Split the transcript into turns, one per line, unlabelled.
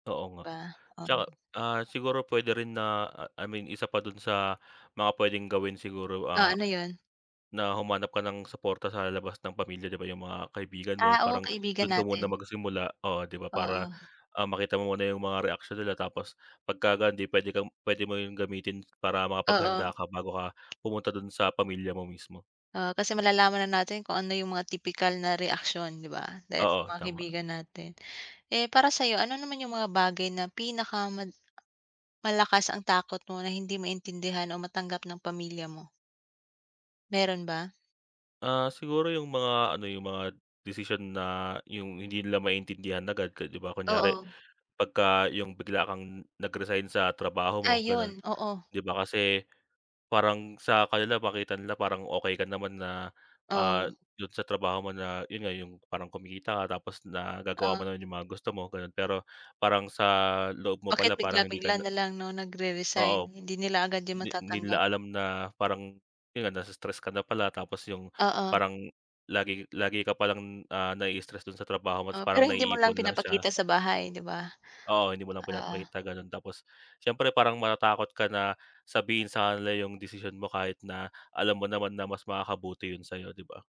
Oo nga.
Ba
'Tsaka,
um.
ah, siguro puwede rin na ah, I mean isa pa dun sa mga puwedeng gawin siguro,
Oh
ah,
ano 'yun?
na humanap ka ng suporta sa labas ng pamilya, 'di ba, 'yung mga kaibigan mo,
Ah, oo
parang
kaibigan
dun ka muna
natin.
magsimula, oo 'di ba para,
Oo.
ah, makita mo muna 'yung mga reaksyon nila tapos pagka ganun 'di puwede kang puwede mo 'yung gamitin para
Oo.
makapaghanda ka bago ka pumunta dun sa pamilya mo mismo.
Oo, kasi malalaman na natin kung ano 'yung mga tipikal na reaksyon, 'di ba, dahil sa
Oo,
mga
tama.
kaibigan natin. Eh para sa'yo, ano naman 'yung mga bagay na pinaka mal malakas ang takot mo na hindi maintindihan o matanggap ng pamilya mo? Meron ba?
Ah siguro 'yung mga ano, 'yung mga desisyon na 'yung hindi nila maintindihan agad ka 'di ba kunyari
Oo.
pagka 'yung bigla kang nag-resign sa trabaho mo gano'n.
Ayun, oo.
'Di ba kasi parang sa kanila makita nila parang okey ka naman na, ah,
Oo.
dun sa trabaho mo na 'yun nga 'yung parang kumikita ka tapos nagagawa mo
Oh.
naman 'yung mga gusto mo, gano'n. Pero parang sa loob mo
Bakit
pala parang hindi ka
bigla-bigla
na
nalang 'no nagre-resign,
Oo,
hindi nila agad 'yun
di di
matatanggap.
nila alam na parang, 'yun nga nasi-stress ka na pala, tapos 'yung
Oo.
parang lagi lagi ka palang, ah, nai-stress dun sa trabaho mo, tapos
Oo,
parang
pero hindi mo lang
naiipon lang siya.
pinapakita sa bahay 'di ba,
Oo, hindi mo lang
oo.
pinapakita ganun. Tapos, siyempre parang matatakot ka na sabihin sa kanila 'yung desisyon mo kahit na alam mo naman na mas makakabuti 'yun sa'yo 'di ba.